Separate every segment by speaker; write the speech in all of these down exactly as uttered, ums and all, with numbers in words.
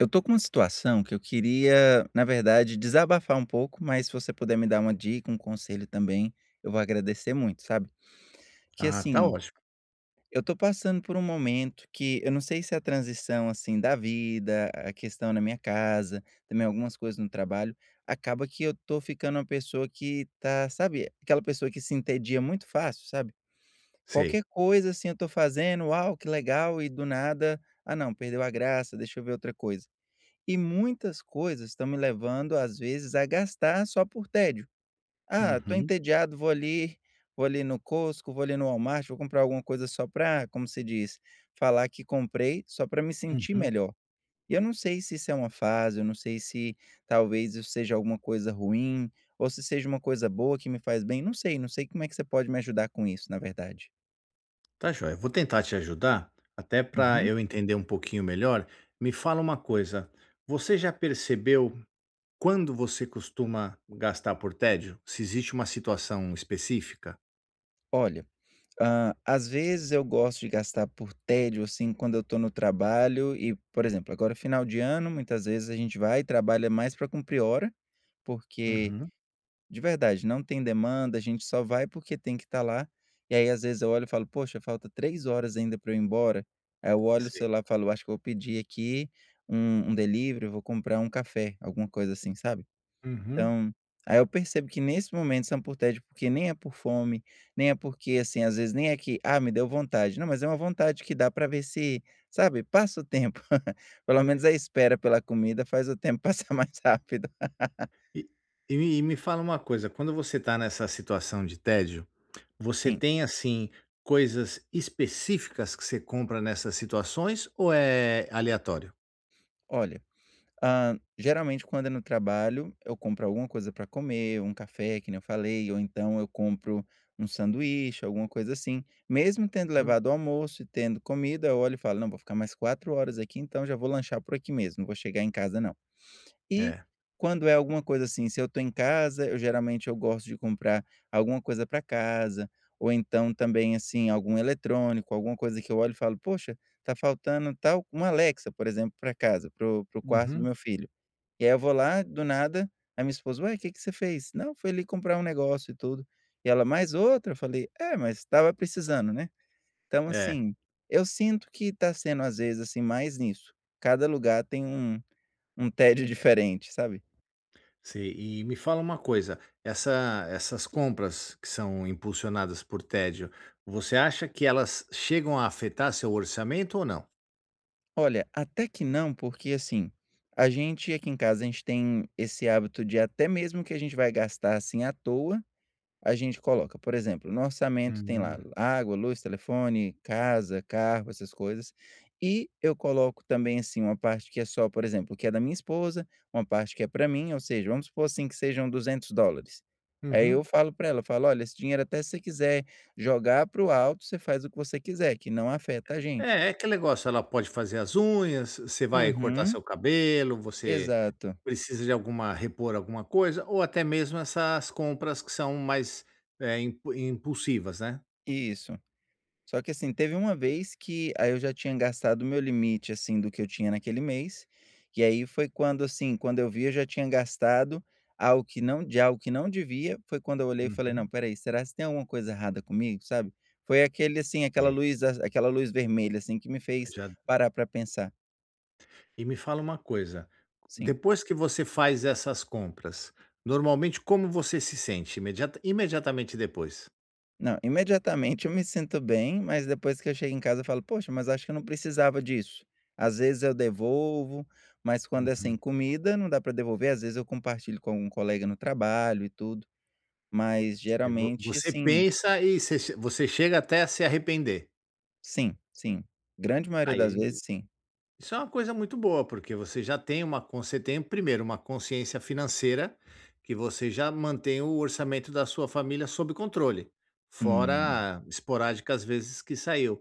Speaker 1: Eu estou com uma situação que eu queria, na verdade, desabafar um pouco, mas se você puder me dar uma dica, um conselho também, eu vou agradecer muito, sabe, que
Speaker 2: Ah, tá
Speaker 1: assim,
Speaker 2: ótimo.
Speaker 1: eu estou passando por um momento que eu não sei se a transição assim da vida, a questão na minha casa, também algumas coisas no trabalho, acaba que eu estou ficando uma pessoa que está, sabe, aquela pessoa que se entedia muito fácil, sabe,
Speaker 2: Sei.
Speaker 1: qualquer coisa assim eu estou fazendo, "uau que legal", e do nada, "ah não perdeu a graça deixa eu ver outra coisa", e muitas coisas estão me levando às vezes a gastar só por tédio, ah estou
Speaker 2: Uhum.
Speaker 1: entediado vou ali vou ali no Costco, vou ali no Walmart, vou comprar alguma coisa só para, como você diz, falar que comprei, só para me sentir
Speaker 2: Uhum.
Speaker 1: melhor, e eu não sei se isso é uma fase, eu não sei se talvez isso seja alguma coisa ruim, ou se seja uma coisa boa que me faz bem, não sei, não sei como é que você pode me ajudar com isso, na verdade?
Speaker 2: Está joia, vou tentar te ajudar, até para
Speaker 1: Uhum.
Speaker 2: eu entender um pouquinho melhor, me fala uma coisa, você já percebeu, quando você costuma gastar por tédio, se existe uma situação específica?
Speaker 1: Olha, hum às vezes eu gosto de gastar por tédio, assim, quando eu estou no trabalho e, exemplo agora final de ano muitas vezes a gente vai e trabalha mais para cumprir hora, porque,
Speaker 2: Uhum.
Speaker 1: de verdade não tem demanda, a gente só vai porque tem que estar lá, e aí às vezes eu olho e falo: "Poxa falta três horas ainda para eu ir embora", aí eu olho o
Speaker 2: Sei.
Speaker 1: celular e falo: "Acho que eu vou pedir aqui um um delivery, eu vou comprar um café", alguma coisa, assim, sabe?
Speaker 2: Uhum.
Speaker 1: Então, aí eu percebo que nesse momento são por tédio porque nem é por fome, nem é porque, assim, às vezes nem é que, ah me deu vontade, não mas é uma vontade que dá para ver se, sabe passa o tempo, pelo menos a espera pela comida faz o tempo passar mais rápido.
Speaker 2: E e me me fala uma coisa, quando você está nessa situação de tédio, você
Speaker 1: Sim.
Speaker 2: tem assim coisas específicas que você compra nessas situações ou é aleatório?
Speaker 1: Olha, hã, geralmente quando é no trabalho, eu compro alguma coisa para comer, um café que nem eu falei ou então eu compro um sanduíche, alguma coisa assim, mesmo tendo
Speaker 2: Uhum.
Speaker 1: levado o almoço e tendo comida eu olho e falo: "Não, vou ficar mais quatro horas aqui então já vou lanchar por aqui mesmo, vou chegar em casa não". E
Speaker 2: É.
Speaker 1: quando é alguma coisa, assim, se eu tô em casa eu geralmente eu gosto de comprar alguma coisa para casa, ou então também, assim, algum eletrônico, alguma coisa que eu olho e falo poxa, tá faltando tal uma Alexa por exemplo para casa, para o para o quarto do
Speaker 2: Uhum.
Speaker 1: meu filho. E aí eu vou lá do nada, a minha esposa: "Ué que que você fez?". "Não, foi ali comprar um negócio e tudo". E ela: "Mais outra?". Eu falei: "É, mas estava precisando, né?". Então
Speaker 2: É.
Speaker 1: assim, eu sinto que está sendo às vezes, assim, mais nisso, cada lugar tem um um um tédio diferente, sabe?
Speaker 2: Sim, e me fala uma coisa, essa essas compras que são impulsionadas por tédio, você acha que elas chegam a afetar seu orçamento ou não?
Speaker 1: Olha, até que não porque, assim, a gente aqui em casa, a gente tem esse hábito de até mesmo que a gente vai gastar assim à toa, a gente coloca por exemplo no orçamento. Tem lá
Speaker 2: Hum.
Speaker 1: água, luz, telefone, casa, carro, essas coisas, e eu coloco também, assim, uma parte que é só por exemplo o que é da minha esposa, uma parte que é pra mim ou seja vamos supor, assim, que sejam duzentos dólares aí eu
Speaker 2: Uhum.
Speaker 1: falo pra ela, falo: "Olha, esse dinheiro, até se você quiser jogar para o alto, você faz o que você quiser que não afeta a gente."
Speaker 2: É, é aquele negócio, ela pode fazer as unhas, você vai cortar
Speaker 1: Uhum.
Speaker 2: seu cabelo, você
Speaker 1: Exato.
Speaker 2: precisa de alguma repor alguma coisa ou até mesmo essas compras que são mais, eh, impu impulsivas né.
Speaker 1: Isso. Só que, assim, teve uma vez que aí eu já tinha gastado o meu limite assim do que eu tinha naquele mês, e aí foi quando, assim, quando eu vi eu já tinha gastado algo que não de algo que não devia, foi quando eu olhei e falei: "Não,
Speaker 2: Uhum.
Speaker 1: espera aí, será se tem alguma coisa errada comigo?" sabe, foi aquele, assim, aquela
Speaker 2: Sei.
Speaker 1: luz aquela luz vermelha, assim, que me fez
Speaker 2: Já d
Speaker 1: parar pra pensar.
Speaker 2: E me fala uma coisa,
Speaker 1: Sim.
Speaker 2: depois que você faz essas compras, normalmente como você se sente? Imedia imediatamente depois.
Speaker 1: Não, imediatamente, eu me sinto bem, mas depois que eu chego em casa, eu falo: "Poxa, mas acho que eu não precisava disso", às vezes eu devolvo, mas quando é,
Speaker 2: Uhum.
Speaker 1: assim, comida, não dá para devolver, às vezes, eu compartilho com algum colega no trabalho e tudo, mas
Speaker 2: E vo
Speaker 1: geralmente,
Speaker 2: você
Speaker 1: assim
Speaker 2: pensa e você che você chega até a se arrepender.
Speaker 1: Sim, sim, grande maioria das
Speaker 2: Aí,
Speaker 1: vezes, sim.
Speaker 2: isso é uma coisa muito boa, porque você já tem uma con você tem primeiro uma consciência financeira, que você já mantém o orçamento da sua família sob controle,
Speaker 1: Hum.
Speaker 2: fora esporádicas vezes que saiu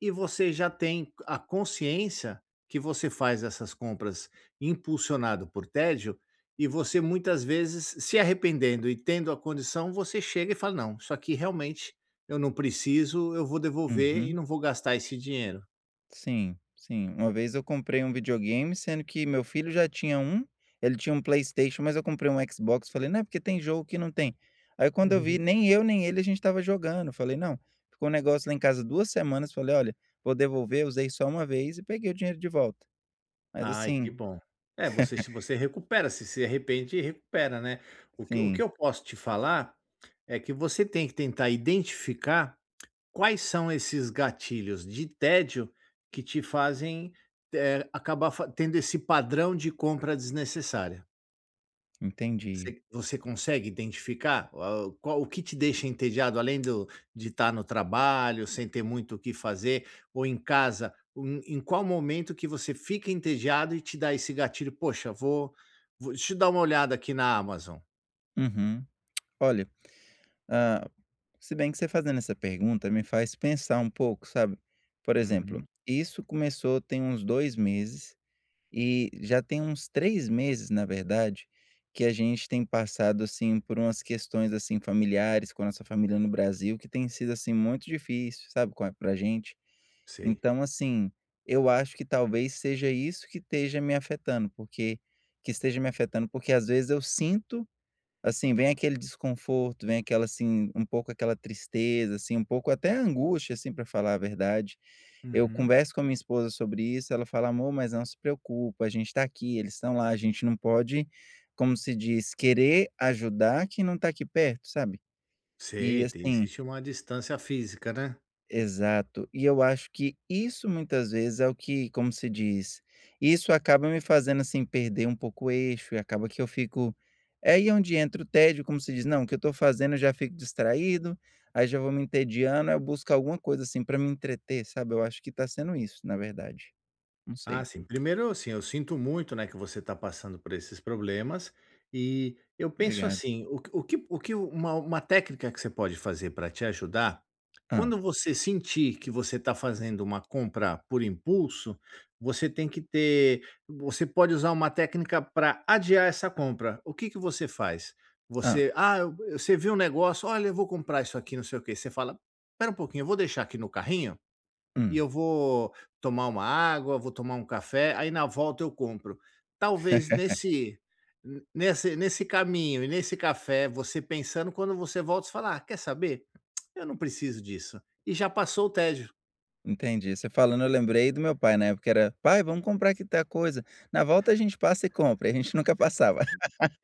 Speaker 2: e você já tem a consciência que você faz essas compras impulsionado por tédio e você muitas vezes se arrependendo e tendo a condição, você chega e fala: "Não, isso aqui, realmente, eu não preciso, eu vou devolver e
Speaker 1: Uhum.
Speaker 2: não vou gastar esse dinheiro".
Speaker 1: Sim, sim, uma vez eu comprei um videogame, sendo que meu filho já tinha um, ele tinha um Playstation, mas eu comprei um Xbox, falei: "Não é porque tem jogo que não tem", aí, quando eu vi,
Speaker 2: Uhum.
Speaker 1: nem eu nem ele, a gente estava jogando, eu falei: "Não", ficou o negócio lá em casa duas semanas, falei: "Olha, vou devolver", usei só uma vez e peguei o dinheiro de volta, mas,
Speaker 2: Ai, que
Speaker 1: assim
Speaker 2: bom, é, você se você recupera, você se arrepende recupera, né? O que o que
Speaker 1: Sim.
Speaker 2: eu posso te falar, é que você tem que tentar identificar quais são esses gatilhos de tédio que te fazem, eh, acabar faze tendo esse padrão de compra desnecessário.
Speaker 1: Entendi.
Speaker 2: Você você consegue identificar qual o que te deixa entediado além do de estar no trabalho, sem ter muito o que fazer, um ou em casa, em qual momento que você fica entediado e te dá esse gatilho, "Poxa vou vou deixa eu dar uma olhada aqui na Amazon".
Speaker 1: Uhum, olha, hum, se bem que você fazendo essa pergunta me faz pensar um pouco sabe? Por exemplo,
Speaker 2: Uhum.
Speaker 1: isso começou tem uns dois meses, e já tem uns três meses na verdade, que a gente tem passado, assim, por umas questões, assim, familiares com a nossa família no Brasil que tem sido, assim, muito difícil, sabe, qual para gente.
Speaker 2: Sei.
Speaker 1: Então assim, eu acho que talvez seja isso que esteja me afetando porque, que esteja me afetando, porque às vezes eu sinto, assim, vem aquele desconforto, vem aquela, assim, um pouco aquela tristeza, assim, um pouco até angústia, assim, para falar a verdade. Eu
Speaker 2: Uhum.
Speaker 1: converso com a minha esposa sobre isso, ela fala amor mas não se preocupa, a gente está aqui, eles estão lá, a gente não pode, como se diz querer ajudar quem não está aqui perto, sabe? E
Speaker 2: Sei, tem
Speaker 1: assim
Speaker 2: existe uma distância física, né?
Speaker 1: Exato, e eu acho que isso muitas vezes é o que, como se diz, isso acaba me fazendo, assim, perder um pouco o eixo e acaba que eu fico é aí onde entra o tédio como se diz não, que eu estou fazendo eu já fico distraído, aí já vou me entediando, aí eu busco alguma coisa, assim, para me entreter sabe, eu acho que está sendo isso na verdade, não
Speaker 2: Ah
Speaker 1: sei.
Speaker 2: sim, primeiro, assim, eu sinto muito não é que você está passando por esses problemas, e eu penso
Speaker 1: Obrigado.
Speaker 2: assim, o que o que o que o uma uma técnica que você pode fazer para te ajudar,
Speaker 1: Hum.
Speaker 2: quando você sentir que você tá fazendo uma compra por impulso, você tem que ter você pode usar uma técnica para adiar essa compra. O que que você faz?
Speaker 1: Hum.
Speaker 2: Você, ah, você vê um negócio, "olha eu vou comprar isso aqui, não sei o quê", você fala: "Espera um pouquinho, vou deixar aqui no carrinho, e
Speaker 1: Hum?
Speaker 2: eu vou tomar uma água, vou tomar um café, aí na volta eu compro". Talvez nesse nesse nesse caminho e nesse café, você pensando quando você volta você fala: "Ah quer saber? Eu não preciso disso". E já passou o tédio.
Speaker 1: Entendi, você falando eu lembrei do meu pai na época era: "Pai, vamos comprar aqui tal coisa, na volta a gente passa e compra", e a gente nunca passava.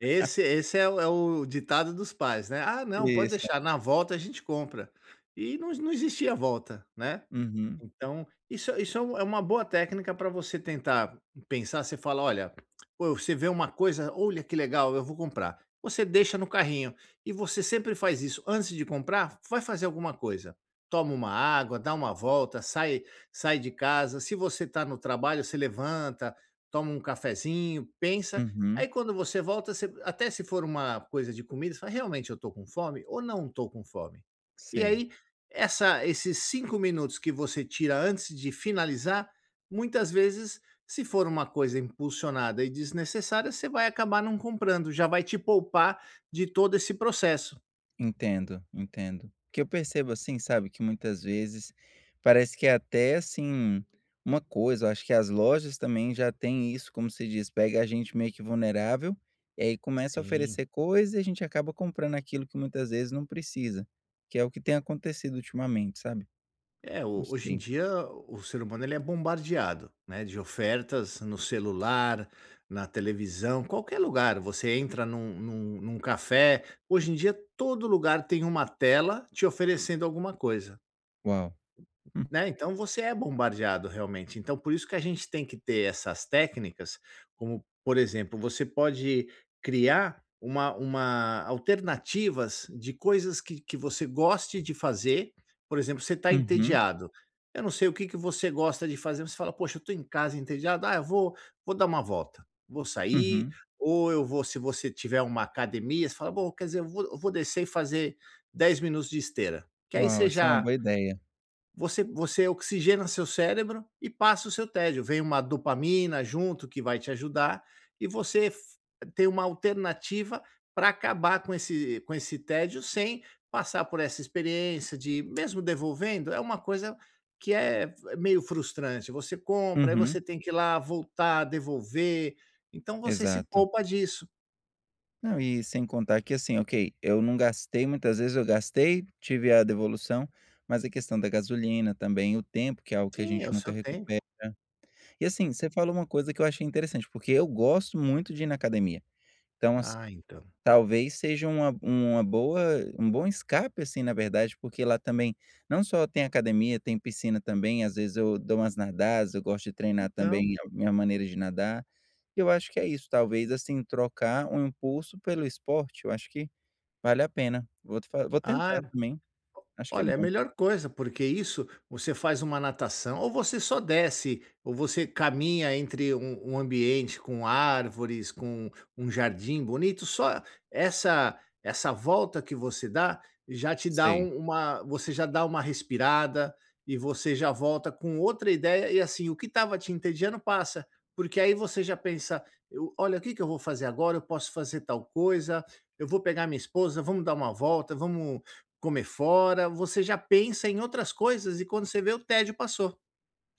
Speaker 2: Esse esse é o é o ditado dos pais, né? "Ah não, pode
Speaker 1: Isso.
Speaker 2: deixar, na volta a gente compra". E não não existia volta, né?
Speaker 1: Uhum.
Speaker 2: Então, isso isso é um é uma boa técnica para você tentar pensar, você fala: "olha", você vê uma coisa, "olha que legal, eu vou comprar". Você deixa no carrinho, e você sempre faz isso, antes de comprar, vai fazer alguma coisa. Toma uma água, dá uma volta, sai sai de casa, se você está no trabalho você levanta, toma um cafezinho, pensa,
Speaker 1: Uhum.
Speaker 2: aí quando você volta você até se for uma coisa de comida, fala realmente eu estou com fome, ou não estou com fome? E
Speaker 1: Sei.
Speaker 2: aí, essa esses cinco minutos que você tira antes de finalizar, muitas vezes, se for uma coisa impulsionada e desnecessária, você vai acabar não comprando, já vai te poupar de todo esse processo.
Speaker 1: Entendo, entendo. O que eu percebo, assim, sabe, que muitas vezes parece que é até assim, uma coisa eu acho que as lojas também já têm isso como se diz, pega a gente meio que vulnerável, e aí começa a
Speaker 2: Sim.
Speaker 1: oferecer coisa e a gente acaba comprando aquilo que muitas vezes não precisa, que é o que tem acontecido ultimamente, sabe?
Speaker 2: É
Speaker 1: Não
Speaker 2: o hoje em
Speaker 1: sei.
Speaker 2: dia o ser humano ele é bombardeado, né, de ofertas no celular, na televisão, qualquer lugar, você entra num num num café, hoje em dia todo lugar tem uma tela te oferecendo alguma coisa.
Speaker 1: Uau. Hum.
Speaker 2: Né, então você é bombardeado realmente, então, por isso que a gente tem que ter essas técnicas, como, por exemplo, você pode criar uma uma alternativas de coisas que que você goste de fazer, por exemplo você está
Speaker 1: Uhum.
Speaker 2: entediado, eu não sei o que que você gosta de fazer mas você fala: "Poxa, eu estou em casa entediado, ah eu vou vou dar uma volta, vou sair,
Speaker 1: Uhum.
Speaker 2: ou eu vou", se você tiver uma academia, você fala vou quer dizer eu vou eu vou descer e fazer dez minutos de esteira. Que aí
Speaker 1: Uau,
Speaker 2: você
Speaker 1: essa é uma
Speaker 2: já
Speaker 1: boa ideia.
Speaker 2: você você oxigena seu cérebro e passa o seu tédio, vem uma dopamina junto que vai te ajudar, e você f ter uma alternativa para acabar com esse com esse tédio sem passar por essa experiência de mesmo devolvendo, é uma coisa que é f meio frustrante, você compra, aí
Speaker 1: Uhum.
Speaker 2: você tem que ir lá voltar, devolver, então você se
Speaker 1: Exato.
Speaker 2: poupa disso.
Speaker 1: Não e sem contar que, assim, ok, eu não gastei muitas vezes, eu gastei, tive a devolução, mas a questão da gasolina, também, o tempo, que é algo que a
Speaker 2: Sim, é
Speaker 1: gente
Speaker 2: o
Speaker 1: nunca
Speaker 2: seu tempo.
Speaker 1: recupera e, assim, você falou uma coisa que eu achei interessante, porque eu gosto muito de ir na academia, então, assi
Speaker 2: Ah, então.
Speaker 1: talvez seja uma uma boa um bom escape, assim, na verdade, porque lá também, não só tem academia, tem piscina também, às vezes, eu dou umas nadadas, eu gosto de treinar,
Speaker 2: Então.
Speaker 1: também, minha maneira de nadar, eu acho que é isso, talvez, assim, trocar um impulso pelo esporte, eu acho que vale a pena, vou te vou
Speaker 2: Ah,é
Speaker 1: tentar também, acho que é
Speaker 2: olha, é a
Speaker 1: bom.
Speaker 2: melhor coisa, porque isso você faz uma natação ou você só desce ou você caminha entre um um ambiente com árvores, com um jardim bonito, só essa essa volta que você dá, já te dá
Speaker 1: Sei.
Speaker 2: uma uma você já dá uma respirada e você já volta com outra ideia e, assim, o que estava te entediando passa, porque, aí, você já pensa: "Eu olha o que que eu vou fazer agora, eu posso fazer tal coisa, eu vou pegar minha esposa, vamos dar uma volta, vamos comer fora", você já pensa em outras coisas e quando você vê o tédio passou.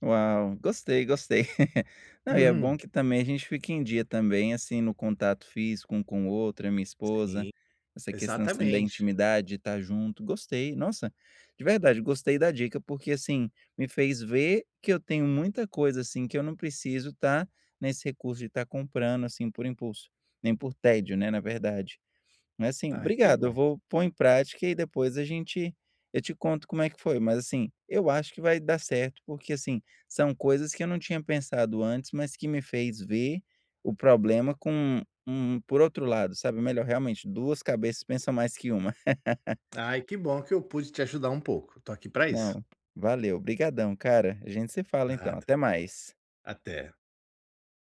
Speaker 1: Uau, gostei, gostei. Não, e é bom que, também, a gente fica em dia, também, assim, no contato físico um com o outro, a minha esposa,
Speaker 2: Sim,
Speaker 1: essa questão, assim, da
Speaker 2: exatamente.
Speaker 1: intimidade, de estar junto, gostei, nossa, de verdade, gostei da dica, porque, assim, me fez ver que eu tenho muita coisa, assim, que eu não preciso estar nesse recurso de estar comprando, assim, por impulso, nem por tédio, né, na verdade, mas, assim,
Speaker 2: Ai, que
Speaker 1: obrigado, eu
Speaker 2: bom.
Speaker 1: vou pôr em prática e, aí, depois a gente eu te conto como é que foi, mas, assim, eu acho que vai dar certo porque, assim, são coisas que eu não tinha pensado antes, mas que me fez ver o problema com um por outro lado, sabe, melhor, realmente, duas cabeças pensa mais que uma.
Speaker 2: Ai, que bom que eu pude te ajudar um pouco, estou aqui para isso.
Speaker 1: Não, valeu obrigadão, cara, a gente se fala, então
Speaker 2: Nada,
Speaker 1: até mais.
Speaker 2: até.